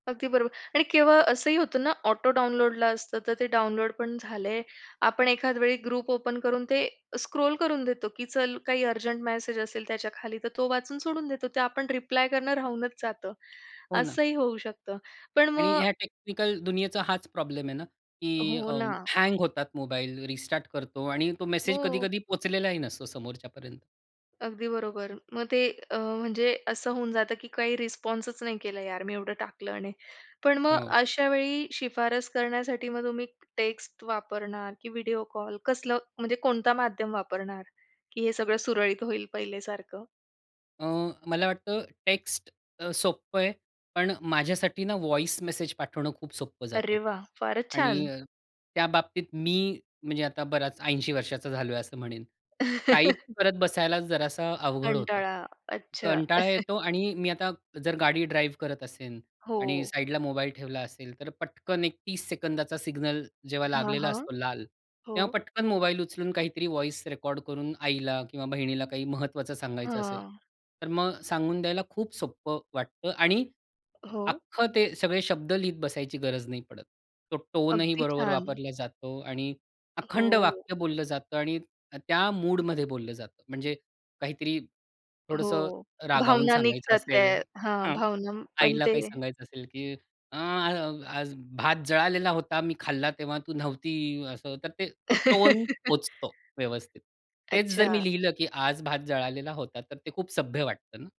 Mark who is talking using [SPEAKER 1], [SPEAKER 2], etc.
[SPEAKER 1] अगदी बरोबर! आणि केवळ असंही होतं ना, ऑटो डाउनलोडला असतं, तर ते डाउनलोड पण झाले. आपण एखाद वेळी ग्रुप ओपन करून ते स्क्रोल करून देतो की चल काही अर्जंट मेसेज असेल त्याच्याखाली, तर तो वाचून सोडून देतो. ते आपण रिप्लाय करणं राहूनच जातं.
[SPEAKER 2] हो ना.
[SPEAKER 1] असंही होऊ शकतं, पण
[SPEAKER 2] आणि
[SPEAKER 1] मग
[SPEAKER 2] या टेक्निकल दुनियेचा हाच प्रॉब्लेम आहे ना, की
[SPEAKER 1] हो ना.
[SPEAKER 2] हँग होतात मोबाईल, रिस्टार्ट करतो आणि तो मेसेज
[SPEAKER 1] हो.
[SPEAKER 2] कधी-कधी पोहचलेलाही नसतो, समोरच्या पर्यंत.
[SPEAKER 1] अगदी बरोबर. मग ते अ, म्हणजे असं होऊन जातं की काही रिस्पॉन्सच नाही केला यार, मी एवढं टाकलं आणि. पण मग
[SPEAKER 2] हो.
[SPEAKER 1] अशा वेळी शिफारस करण्यासाठी मग तुम्ही टेक्स्ट वापरणार की व्हिडिओ कॉल? कसलं म्हणजे कोणता माध्यम वापरणार की हे सगळं सुरळीत होईल पहिल्यासारखं?
[SPEAKER 2] अ, मला वाटतं टेक्स्ट अ, सोपं आहे. पण माझ्यासाठीना व्हॉइस मेसेज पाठवणं खूप सोपं जातं.
[SPEAKER 1] अरे वाह! फारच
[SPEAKER 2] आणि
[SPEAKER 1] छान.
[SPEAKER 2] त्या बाबतीत मी म्हणजे आता बराच 80 वर्षांचा झालोय असं म्हणेन. टाइप करत बसायला जरासं अवघड होतं.
[SPEAKER 1] कंटाळा. अच्छा.
[SPEAKER 2] कंटाळा येतो आणि मी आता जर गाडी ड्राइव्ह करत असेल आणि
[SPEAKER 1] हो.
[SPEAKER 2] साइडला मोबाईल ठेवला असेल, तर पटकन एक 30 सेकंदांचा सिग्नल जेव्हा
[SPEAKER 1] हां,
[SPEAKER 2] लागलेला
[SPEAKER 1] हां.
[SPEAKER 2] असतो लाल,
[SPEAKER 1] हो.
[SPEAKER 2] तेव्हा पटकन मोबाईल उचलून काहीतरी व्हॉइस रेकॉर्ड करून आईला किंवा बहिणीला काही महत्त्वाचं सांगायचं असेल,
[SPEAKER 1] हां.
[SPEAKER 2] तर मग सांगून द्यायला खूप सोपं वाटतं आणि
[SPEAKER 1] हो.
[SPEAKER 2] अख्खं ते सगळे शब्द लिहित बसायची गरज नाही पडत. तो टोनही
[SPEAKER 1] अगदी
[SPEAKER 2] बरोबर
[SPEAKER 1] छान.
[SPEAKER 2] वापरला जातो आणि अखंड
[SPEAKER 1] हो.
[SPEAKER 2] वाक्य बोललं जातं आणि त्या मूडमध्ये बोललं जातं. म्हणजे काहीतरी थोडंसं
[SPEAKER 1] हो.
[SPEAKER 2] रागावून
[SPEAKER 1] भावना
[SPEAKER 2] सांगायचं
[SPEAKER 1] निघतात
[SPEAKER 2] असेल.
[SPEAKER 1] त्या. हां
[SPEAKER 2] हां
[SPEAKER 1] भावना पण
[SPEAKER 2] आईला
[SPEAKER 1] ते
[SPEAKER 2] काही सांगायचं असेल की अ, "आज भात जळालेला होता, मी खाल्ला तेव्हा तू नव्हती." असं तर तो टोन पोहचतो व्यवस्थित. तेच जर मी
[SPEAKER 1] अच्छा.
[SPEAKER 2] लिहिलं की आज भात जळालेला होता. तर ते खूप सभ्य वाटतं ना.